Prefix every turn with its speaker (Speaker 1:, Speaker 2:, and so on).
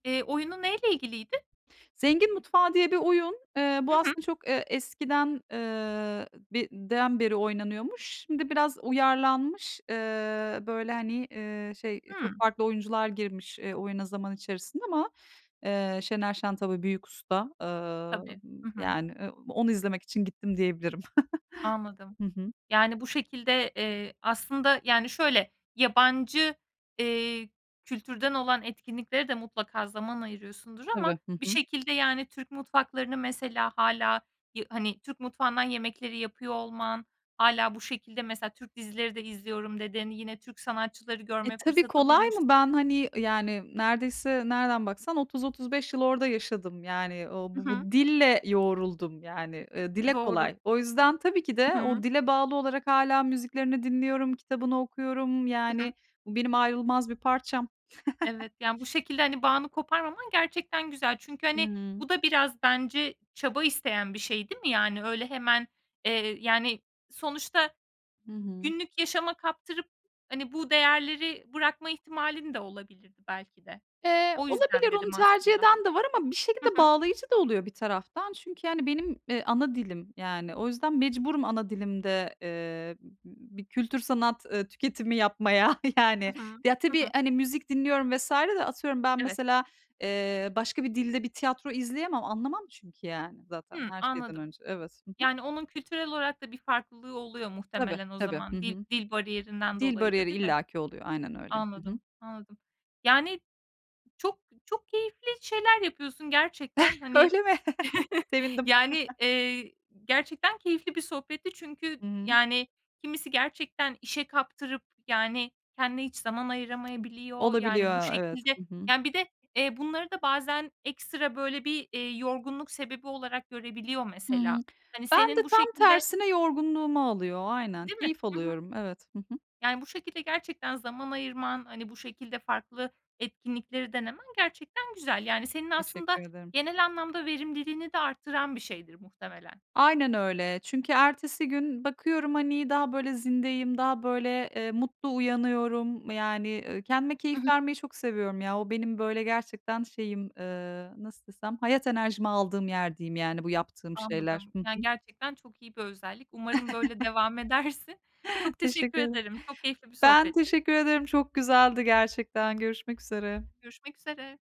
Speaker 1: Eee, oyunu neyle ilgiliydi?
Speaker 2: "Zengin Mutfağı" diye bir oyun. Iıı,
Speaker 1: Hı
Speaker 2: bu
Speaker 1: hı.
Speaker 2: aslında çok, ııı, eskiden, ııı, den beri oynanıyormuş. Şimdi biraz uyarlanmış. Iıı, böyle, hani, ııı, şey, çok
Speaker 1: Hımm.
Speaker 2: farklı oyuncular girmiş, ııı, oyuna zaman içerisine ama Iıı, Şener Şen tabii Büyük Usta.
Speaker 1: Tabii,
Speaker 2: Imm,
Speaker 1: hı hı.
Speaker 2: yani, e, onu izlemek için gittim diyebilirim.
Speaker 1: Anladım.
Speaker 2: Hı hı.
Speaker 1: Yani bu şekilde Eee, aslında, yani, şöyle: Yabancı, eee, kültürden olan etkinliklere de mutlaka zaman ayırıyorsundur ama
Speaker 2: Tabii. Hı
Speaker 1: bir
Speaker 2: hı.
Speaker 1: şekilde, yani, Türk mutfaklarını mesela hâlâ yı hani, Türk mutfağından yemekleri yapıyor olman, hâlâ bu şekilde mesela, "Türk dizileri de izliyorum." dedin, yine Türk sanatçıları
Speaker 2: E,
Speaker 1: görme
Speaker 2: tabii!
Speaker 1: fırsatı
Speaker 2: kolay mı?
Speaker 1: bulmuşsun.
Speaker 2: Ben, hani, yani, neredeyse nereden baksan 30-35 yıl orada yaşadım. Yani, ooo, b
Speaker 1: Hı
Speaker 2: b
Speaker 1: hı.
Speaker 2: bu dille yoğruldum. Yani, ııı, dile
Speaker 1: Doğru.
Speaker 2: kolay. O yüzden tabii ki
Speaker 1: Hı
Speaker 2: de
Speaker 1: hı.
Speaker 2: o dile bağlı olarak hâlâ müziklerini dinliyorum, kitabını okuyorum.
Speaker 1: Hı hı.
Speaker 2: Yani, bu benim ayrılmaz bir parçam.
Speaker 1: Evet, yani, bu şekilde, hani, bağını koparmaman gerçekten güzel. Çünkü,
Speaker 2: Hı
Speaker 1: hani,
Speaker 2: hı.
Speaker 1: bu da biraz bence çaba isteyen bir şey, değil mi? Yani, öyle hemen, eee, yani, sonuçta
Speaker 2: Hı hı.
Speaker 1: günlük yaşama kaptırıp, hani, bu değerleri bırakma ihtimalin de olabilirdi belki de.
Speaker 2: Eee,
Speaker 1: O yüzden
Speaker 2: olabilir. Onu
Speaker 1: dedim
Speaker 2: tercih
Speaker 1: aslında.
Speaker 2: eden de var ama bir
Speaker 1: Hı
Speaker 2: şekilde
Speaker 1: hı.
Speaker 2: bağlayıcı da oluyor bir taraftan. Çünkü, hani, benim, e, ana dilim yani. O yüzden mecburum ana dilimde, ııı, b b bir kültür sanat, ııı, tüketimi yapmaya yani.
Speaker 1: Hı hı.
Speaker 2: Ya,
Speaker 1: Hı
Speaker 2: tabii,
Speaker 1: hı.
Speaker 2: hani, müzik dinliyorum vs. de, atıyorum, ben
Speaker 1: Evet.
Speaker 2: mesela, eee, başka bir dilde bir tiyatro izleyemem. Anlamam çünkü, yani, zaten
Speaker 1: Hıı.
Speaker 2: her şeyden
Speaker 1: Anladım.
Speaker 2: önce. Evet. Hı hı.
Speaker 1: Yani onun kültürel olarak da bir farklılığı oluyor
Speaker 2: Tabii,
Speaker 1: muhtemelen o
Speaker 2: tabii. Hı
Speaker 1: zaman dil
Speaker 2: hı.
Speaker 1: dil bariyerinden
Speaker 2: Dil
Speaker 1: dolayı da,
Speaker 2: bariyeri
Speaker 1: değil mi?
Speaker 2: illaki oluyor. Aynen öyle. Hı hı.
Speaker 1: Anladım, anladım. Yani, çok çok keyifli şeyler yapıyorsun gerçekten hani.
Speaker 2: Öyle mi? Sevindim.
Speaker 1: Yani, eee, gerçekten keyifli bir sohbetti çünkü,
Speaker 2: Imm.
Speaker 1: yani, kimisi gerçekten işe kaptırıp, yani, kendine hiç zaman ayıramayabiliyor. Yani, bu
Speaker 2: Olabiliyor, evet.
Speaker 1: şekilde,
Speaker 2: Hı hı.
Speaker 1: yani Bir de, eee, bunları da bazen ekstra, böyle, bir, eee, yorgunluk sebebi olarak görebiliyor
Speaker 2: Hıı.
Speaker 1: mesela. Hani,
Speaker 2: Ben
Speaker 1: senin
Speaker 2: de
Speaker 1: bu
Speaker 2: tam
Speaker 1: şekilde
Speaker 2: tersine yorgunluğumu alıyor. Aynen
Speaker 1: Değil mi?
Speaker 2: keyif
Speaker 1: Hı hı.
Speaker 2: alıyorum. Evet. Hı hı.
Speaker 1: Yani, bu şekilde gerçekten zaman ayırman, hani, bu şekilde farklı etkinlikleri denemen gerçekten güzel. Yani senin aslında
Speaker 2: Teşekkür ederim.
Speaker 1: genel anlamda verimliliğini de artıran bir şeydir muhtemelen.
Speaker 2: Aynen öyle. Çünkü ertesi gün bakıyorum, hani, daha, böyle, zindeyim, daha, böyle, ııı, mutlu uyanıyorum. Yani, ııı, kendime keyif
Speaker 1: Hı hı.
Speaker 2: vermeyi çok seviyorum ya! O benim, böyle, gerçekten şeyim, ııı, nasıl desem, hayat enerjimi aldığım yer, diyeyim, yani, bu yaptığım şeyler.
Speaker 1: Anladım,
Speaker 2: Hı
Speaker 1: yani,
Speaker 2: hı.
Speaker 1: gerçekten çok iyi bir özellik. Umarım böyle devam edersin. Çok teşekkür
Speaker 2: Teşekkür ederim.
Speaker 1: ederim, çok keyifli bir
Speaker 2: Ben
Speaker 1: sohbetti.
Speaker 2: teşekkür ederim. Çok güzeldi gerçekten. Görüşmek üzere.
Speaker 1: Görüşmek üzere.